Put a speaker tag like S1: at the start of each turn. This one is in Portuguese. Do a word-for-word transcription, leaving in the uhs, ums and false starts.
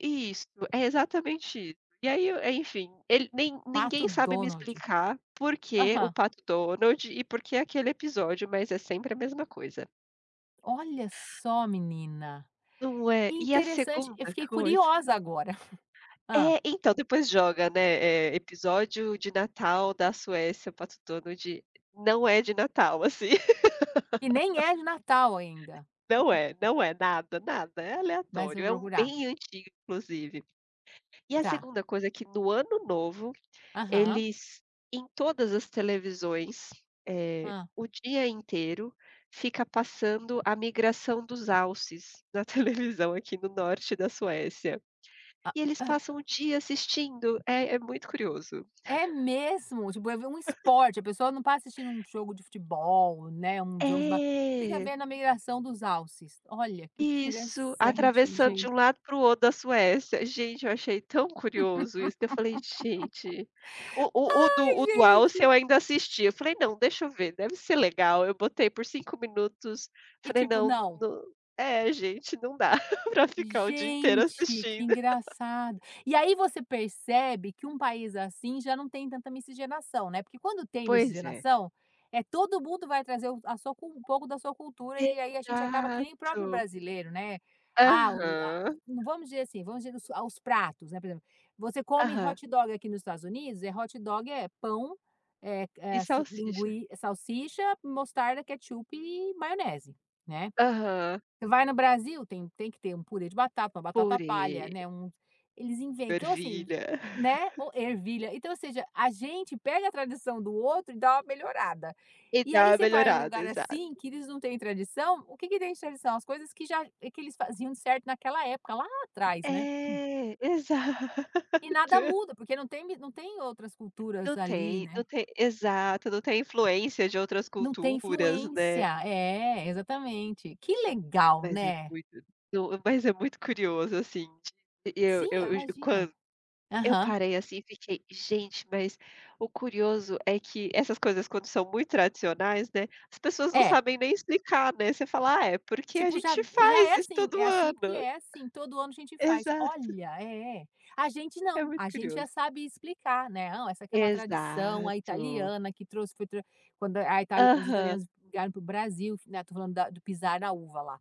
S1: Isso, é exatamente isso. E aí, o é enfim, ele nem
S2: Pato
S1: ninguém sabe me
S2: Donald.
S1: explicar por quê o
S2: Aham.
S1: Pato Donald e por que aquele episódio. Mas é sempre a mesma coisa.
S2: Olha só menina.
S1: Não é? E a
S2: Interessante, eu
S1: segunda
S2: fiquei
S1: coisa
S2: curiosa agora. Hã?
S1: É, então depois joga, né, eh, episódio de Natal da Suécia, Pato Donald. Não é de Natal assim.
S2: E nem é Natal ainda.
S1: Não é, não é. Nada, nada, é
S2: Mas eu
S1: aleatório, é
S2: vou
S1: um
S2: procurar.
S1: bem antigo inclusive. E a
S2: Tá.
S1: segunda coisa é que no ano novo,
S2: Aham.
S1: eles em todas as televisões, eh,
S2: Hã.
S1: o dia inteiro, fica passando a migração dos alces, na televisão aqui no norte da Suécia. E eles passam o dia assistindo, é é muito curioso.
S2: É mesmo? Tipo, é ver um esporte, a pessoa não está assistindo um jogo de futebol, né, um jogo de ba venha ver
S1: É.
S2: na migração dos alces, olha, que
S1: Isso,
S2: interessante
S1: atravessando de
S2: gen
S1: um lado para o outro da Suécia. Gente, eu achei tão curioso isso que eu falei: "Gente" o o o do
S2: Ai
S1: o do Alce
S2: gente.
S1: eu ainda assisti, eu falei: "Não, deixa eu ver, deve ser legal", eu botei por cinco minutos,
S2: E
S1: falei:
S2: tipo,
S1: "Não
S2: não
S1: nã" é, gente, não dá para ficar o dia inteiro
S2: Gente, que
S1: assistindo.
S2: engraçado. E aí você percebe que um país assim, já não tem tanta miscigenação, né. Porque quando tem
S1: Pois é.
S2: miscigenação, eh, todo mundo vai trazer o a sua cu um pouco da sua cultura, e aí a gente acaba que nem próprio
S1: Exato.
S2: brasileiro, né. Ah, o a
S1: Aham.
S2: vamos dizer assim, vamos dizer a os pratos, né, por exemplo: você come
S1: Aham.
S2: hot dog aqui nos Estados Unidos, é hot dog, é pão, eh eh,
S1: E
S2: ass
S1: salsicha.
S2: lingui salsicha, mostarda, ketchup e maionese, né.
S1: Aham.
S2: Você vai no Brasil tem tem que ter um purê de batata, batata palha,
S1: Purê.
S2: né, um eles inven então assim
S1: Ervilha.
S2: né, ou ervilha. Então ou seja, a gente pega a tradição do outro e dá uma melhorada.
S1: E
S2: E
S1: dá
S2: aí
S1: uma
S2: você vai em um
S1: melhorada,
S2: lugar,
S1: exato.
S2: assim, que eles não têm tradição, o que que tem tradição? As coisas que já que eles faziam de certo naquela época lá atrás, né.
S1: É, exato.
S2: E nada muda, porque não tem mi não tem outras culturas
S1: Não
S2: ali,
S1: tem não
S2: né.
S1: tem exato. Não tem influência de outras
S2: Não tem
S1: culturas,
S2: influência.
S1: né.
S2: É, exatamente. Que
S1: É
S2: legal,
S1: mas é
S2: né.
S1: muito to mas é muito curioso assim de e eu
S2: Sim, eu
S1: eu g quan
S2: imagino.
S1: eu
S2: Aham.
S1: parei, assim, e fiquei: "Gente". Mas, o curioso é que essas coisas quando são muito tradicionais, né, as pessoas não
S2: É.
S1: sabem nem explicar, né, você fala: "Ah, é porque a
S2: Tipo, já
S1: gente
S2: já
S1: faz
S2: é
S1: isso
S2: assim é
S1: todo
S2: assim, porque
S1: ano".
S2: é assim, todo ano a gente faz
S1: Exato.
S2: olha, é, a gente
S1: É
S2: não,
S1: muito
S2: a gente já
S1: curioso.
S2: sabe explicar, né. "Não, essa aqui é uma tradição, a
S1: Exato.
S2: italiana que trouxe, [unintelligible] quando a a ita os
S1: Aham.
S2: italianos vieram para o Brasil que né, estou falando da do pisar na uva, lá.